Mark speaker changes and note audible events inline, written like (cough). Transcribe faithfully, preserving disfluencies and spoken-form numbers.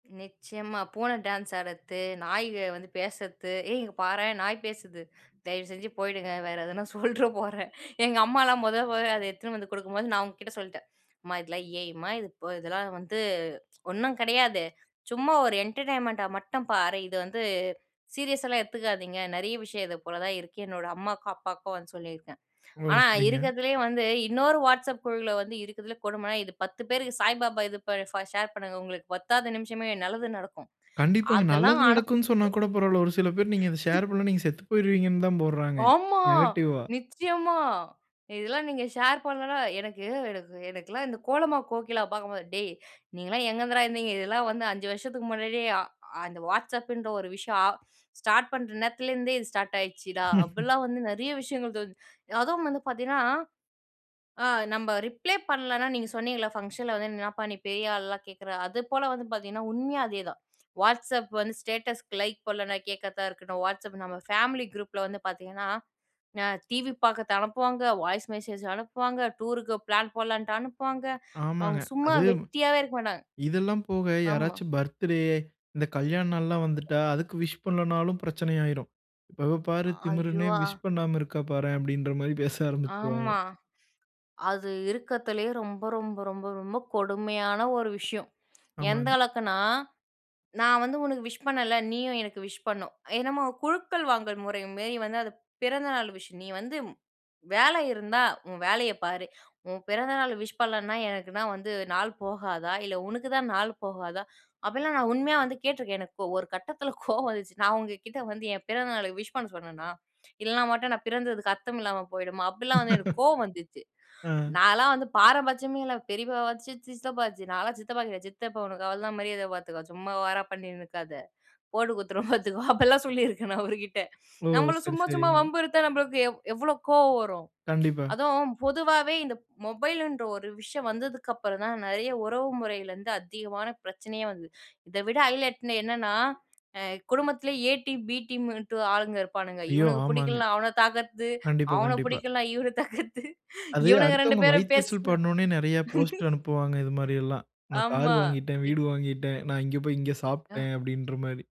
Speaker 1: நிச்சயமா. பூன டான்ஸ் ஆடுறது, நாய வந்து பேசுறது, ஏய் இங்கே பாரேன்! "நாய் பேசுது". தயவு செஞ்சு போயிடுங்க, வேறு எதனா சொல்றப் போறேன். (chuckles) எங்க அம்மாலாம் முதல் போய் அத எடுத்துட்டு வந்து குடுக்கும்போது, நான் அவுங்ககிட்ட சொல்லிட்டேன். "அம்மா இதெல்லாம் A.I மா? இது இப்ப இதெல்லாம் வந்து ஒண்ணும் கிடையாது. சும்மா ஒரு என்டர்டெயின்மெண்ட்டா மட்டும் பாரு. இது வந்து சீரியஸாலாம் எடுத்துக்காதீங்க. நிறைய விஷயம் இது போல தான் இருக்கு." என்னோட அம்மாவுக்கும் அப்பாவுக்கும் வந்து சொல்லியிருக்கேன்.
Speaker 2: ஓ!
Speaker 1: ஆனா
Speaker 2: சரிங்க.
Speaker 1: இருக்கறதுலயே வந்து இன்னொரு WhatsApp குழுல வந்து இருக்கதுலே கொடுமைனா, இது பத்து பேருக்கு சாய்பாபா இது ப ஷேர் பண்ணுங்க. உங்களுக்கு பத்தாது நிமிஷமே நல்லது நடக்கும்.
Speaker 2: கண்டிப்பாங்க
Speaker 1: அதெல்லாம்
Speaker 2: நல்லது
Speaker 1: அனுப்
Speaker 2: நடக்குன்னு சொன்னா
Speaker 1: (laughs)
Speaker 2: கூட பரவால்ல. ஒரு சில பேர் நீங்க இத ஷேர் பண்ணலணா
Speaker 1: (laughs)
Speaker 2: நீங்க செத்து போய்ருவீங்க தான் போடுறாங்க.
Speaker 1: ஆமா!
Speaker 2: நெகட்டிவ்வா.
Speaker 1: நிச்சயமா! இதெல்லாம் நீங்க ஷேர் பண்ணலனா எனக்கு எனக்கு எனக்கெல்லாம் இந்த கோலமா கோகிலாவ பார்க்கும்போது, டேய்! நீங்கள்லாம் எங்கேருந்துடா இருந்தீங்க. இதெல்லாம் வந்து அஞ்சு வருஷத்துக்கு முன்னாடியே, அ அந்த WhatsAppன்ற ஒரு விஷயம், ஆ ஸ்டார்ட் பண்ற நேரத்துலேருந்தே இது ஸ்டார்ட் ஆயிடுச்சுடா.
Speaker 2: (laughs)
Speaker 1: அப்படிலாம் வந்து நிறைய விஷயங்கள் தோ அதுவும் வந்து பார்த்தீங்கன்னா, ஆ நம்ம ரிப்ளே பண்ணலனா நீங்க சொன்னிங்கள, ஃபங்க்ஷன்ல வந்து என்னப்பா நீ பெரிய ஆள்லாம் கேட்குற. அது போல வந்து பார்த்தீங்கன்னா, உண்மையே அதேதான். WhatsApp வந்து ஸ்டேட்டஸ்க்கு லைக் போடலன்னா, கேட்கறதா இருக்கணும். WhatsApp நம்ம ஃபேமிலி குரூப்ல வந்து பார்த்தீங்கன்ன ந டிவி பா்குறது அனுப்புவாங்க, வாய்ஸ் மெசேஜ் அனுப்புவாங்க, டூருக்கு பிளான் போடலான்ட்டு அனுப்புவாங்க, அவங்க
Speaker 2: ஆமாங்க.
Speaker 1: சும்மா
Speaker 2: அது,
Speaker 1: வெட்டியாவே இருக்க மாட்டாங்க.
Speaker 2: இதெல்லாம் போக
Speaker 1: ஆமா.
Speaker 2: யாராச்சும் பர்த்டே, இந்த கல்யாண நாள்லாம் வந்துட்டா, அதுக்கு விஷ் பண்ணலணாலும் பிரச்சன ஆயிரும். "இவ பாரு
Speaker 1: ஐயோ!
Speaker 2: திமிரனே
Speaker 1: அ
Speaker 2: விஷ் பண்ணாம இருக்கா பாரேன்" அப்படின்ற மாரி பேச ஆரம்பிச்சுருவாங்க.
Speaker 1: ஆமா, அது இருக்கிறதிலயே ரொம்ப, ரொம்ப, ரொம்ப, ரொம்ப கொடுமையான ஒரு விஷயம். எந்த
Speaker 2: ஆமாங்க.
Speaker 1: அளவுக்குனா, நான் வந்து உனக்கு விஷ் பண்ணல, நீயும் எனக்கு விஷ் பண்ணணும். என்னமோ குழுக்கள் வாங்கும் முறை மாரி வந்து, அது பிறந்தநாள் விஷ். நீ வந்து வேலை இருந்தா, உன் வேலைய பாரு. உன் பிறந்தநாள் விஷ் பண்ணலனா, எனக்கு தான் வந்து நாள் போகாதா! இல்ல உனக்கு தான் நாள் போகாதா! அப்படிலாம் நான் உண்மையா வந்து கேட்டுருக்கேன். எனக்கு ஒரு கட்டத்தில கோவம் வந்துச்சு. நான் உங்க கிட்ட வந்து என் பிறந்த நாள் விஷ் பண்ண சொன்னேனா, இல்லனா மட்டும் நான் பிறந்ததுக்கு அர்த்தம் இல்லாம போயிடுமா? அப்படிலாம் வந்து எனக்கு
Speaker 2: (laughs)
Speaker 1: கோவம் வந்துச்சு.
Speaker 2: அ.
Speaker 1: நான்லாம் வந்து பாரபட்சியமே இல்ல, பெரியப்பா வாச்சு, சித்தப்பா வாச்சு. நான்லாம் சித்தப்பா கிட்ட, "சித்தப்பா உனக்கு அவ்ள தான் மரியாத பாத்துக்கோ. சும்மா ஓவரா பண்ணிட்டு இருக்காத. போட்டு குடுத்துருவோம் பாத்துக்கோ" அப்டில்லாம் சொல்லி இருக்கேன் நான் அவருகிட்ட.
Speaker 2: ஓ!
Speaker 1: நம்பள
Speaker 2: சரி,
Speaker 1: சும்மா
Speaker 2: சரி.
Speaker 1: சும்மா வம்பு இத்தா நம்பளுக்கு எவ் எவ்ளோ கோவம் வரும்?
Speaker 2: கண்டிப்பா.
Speaker 1: அதுவும் பொதுவாவே இந்த மொபைல்ன்ற ஒரு ஒரு விஷயம் வந்ததுக்கப்புறம் தான், நிறைய உறவு முறையில இருந்து அதிகமான பிரச்சனயே வந்தது. இத விட ஹைலட்ன என்னன்னா, அ குடும்பத்திலயே எ டீம், பி டீம்ட்டு ஆளுங்க இருப்பானுங்க.
Speaker 2: ஐயோ!
Speaker 1: இவனுக்கு
Speaker 2: ஆமாங்க.
Speaker 1: பிடிக்கலனா அவன தாக்குறது.
Speaker 2: கண்டிப்பா,
Speaker 1: அவன
Speaker 2: கண்டிப்பா.
Speaker 1: பிடிக்கலனா இவன தாக்குறது.
Speaker 2: அது
Speaker 1: இவனுங்க ரெண்டு
Speaker 2: அடுத்தவங்க
Speaker 1: பேரும் பேசி
Speaker 2: வயித்தெரிச்சல் படனுனே நிறைய போஸ்ட்
Speaker 1: (laughs)
Speaker 2: அனுப்புவாங்க இது மாரி எல்லாம். நான் கார்
Speaker 1: ஆமா
Speaker 2: வாங்கிட்டேன்,
Speaker 1: இத்
Speaker 2: வீடு வாங்கிட்டேன், நான் இங்க போய் இங்க
Speaker 1: ஆ.
Speaker 2: சாப்ட்டேன் அப்டின்ற மாரி.